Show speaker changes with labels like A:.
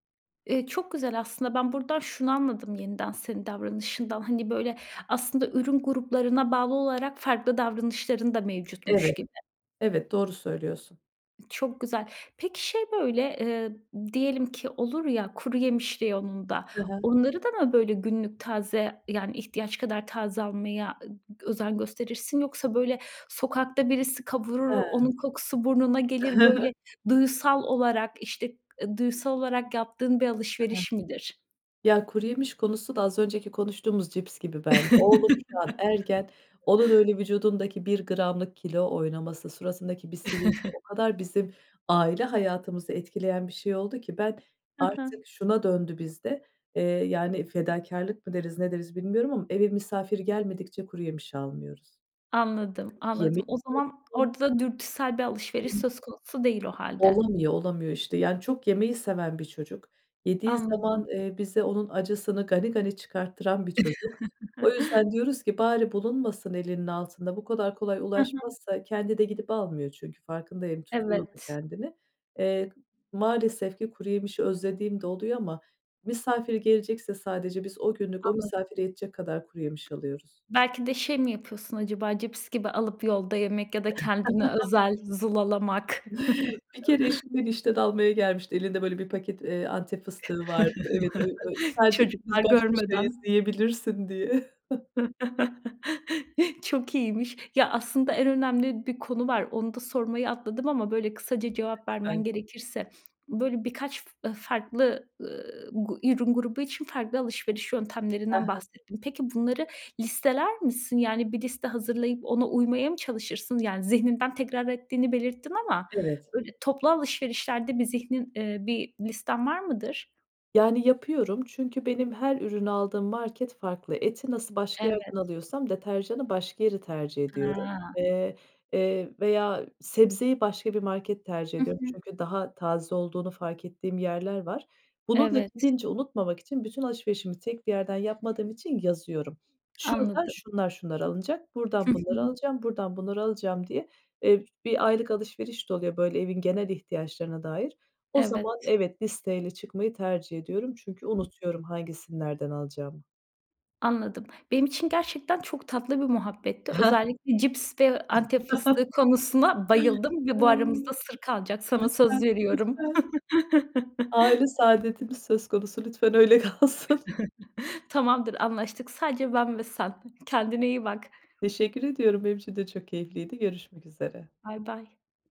A: Eee, çok güzel aslında. Ben buradan şunu anladım yeniden senin davranışından. Hani, böyle, aslında ürün gruplarına bağlı olarak farklı davranışların da mevcutmuş
B: Evet,
A: gibi.
B: evet, doğru söylüyorsun.
A: Çok güzel. Peki, şey, böyle, eee, diyelim ki olur ya kuru yemiş reyonunda
B: Hı hı.
A: onları da mı böyle günlük taze, yani, ihtiyaç kadar taze almaya ı gı özen gösterirsin? Yoksa, böyle, sokakta birisi kavurur onun
B: He.
A: kokusu burnuna
B: I hı,
A: gelir böyle
B: hı.
A: duyusal olarak, işte, ııı, duyusal olarak yaptığın bir
B: Hı hı.
A: alışveriş midir?
B: Ya, kuru yemiş konusu da az önceki konuştuğumuz cips gibi bende. Oğlum şu an ergen. Onun öyle vücudundaki 1 gramlık kilo oynaması, suratındaki bir sivilce o kadar bizim aile hayatımızı etkileyen bir şey oldu ki ben
A: Hı hı.
B: artık şuna döndü bizde, eee, yani, fedakârlık mı deriz ne deriz bilmiyorum ama eve misafir gelmedikçe kuru yemiş almıyoruz.
A: Anladım,
B: Çünkü
A: anladım.
B: yemekte
A: O zaman
B: [unintelligible]
A: orada da dürtüsel bir alışveriş
B: [unintelligible]
A: söz konusu değil o hâlde.
B: Olamıyor, olamıyor, işte, yani, çok yemeyi seven bir çocuk, yediği zaman,
A: Anladım.
B: eee, bize onun acısını gani gani çıkarttıran bir çocuk. O yüzden diyoruz ki "Bari bulunmasın elinin altında bu kadar kolay
A: Hı hı.
B: ulaşmazsa." Kendi de gidip almıyor çünkü farkındayım, tutuyor da
A: Evet.
B: kendini. Eee, maalesef ki kuru yemişi özlediğim de oluyor ama misafir gelecekse sadece biz o günlük o
A: Anladım.
B: misafire yetecek kadar kuru yemiş alıyoruz.
A: Belki de şey mi yapıyorsun acaba cips gibi alıp yolda yemek ya da kendini özel, zulalamak.
B: Bir kere eşim beni işten almaya gelmişti. Elinde böyle 1 paket, eee, Antep fıstığı vardı. Evet, öy öy sadece
A: Çocuklar
B: ikimiz baş başayız,
A: görmeden.
B: yiyebilirsin diye.
A: Çok iyiymiş. Ya aslında en önemli bir konu var. Onu da sormayı atladım ama, böyle, kısaca cevap vermen
B: Lütfen.
A: gerekirse, böyle, birkaç f farklı, ııı, gu ürün grubu için farklı alışveriş
B: He
A: yöntemlerinden
B: he.
A: bahsettin. Peki, bunları listeler misin? Yani, bir liste hazırlayıp ona uymaya mı çalışırsın? Yani, zihninden tekrar ettiğini belirttin ama
B: Evet.
A: böyle toplu alışverişlerde bir zihnin, iii, bir listen var mıdır?
B: Yani, yapıyorum çünkü benim her ürün aldığım market farklı. Eti nasıl başka
A: Evet.
B: yerden alıyorsam deterjana başka yeri tercih ediyorum,
A: He.
B: eee, eee, veya sebzeyi başka bir market tercih
A: Hı
B: ediyorum.
A: hı.
B: Çünkü daha taze olduğunu fark ettiğim yerler var. Bunu da
A: Evet.
B: gidince unutmamak için bütün alışverişimi tek bir yerden yapmadığım için yazıyorum. Şuradan
A: Anladım.
B: şunlar şunlar alınacak,
A: Hı
B: buradan bunları
A: hı.
B: alacağım, buradan bunları alacağım diye. Eee, ş bir aylık alışveriş de oluyor, böyle, evin genel ihtiyaçlarına dair. O
A: Evet.
B: zaman Evet, listeyle çıkmayı tercih ediyorum çünkü unutuyorum hangisini nereden alacağımı.
A: Anladım. Benim için gerçekten çok tatlı bir muhabbetti. Özellikle cips ve Antep fıstığı konusuna bayıldım ve bu aramızda
B: [unintelligible]
A: sır kalacak. Sana
B: Lütfen.
A: söz veriyorum.
B: Lütfen. Aile saadetimiz söz konusu lütfen öyle kalsın.
A: Tamamdır, anlaştık. Sadece ben ve sen. Kendine iyi bak.
B: Teşekkür ediyorum. Benim için de çok keyifliydi görüşmek üzere.
A: Baybay.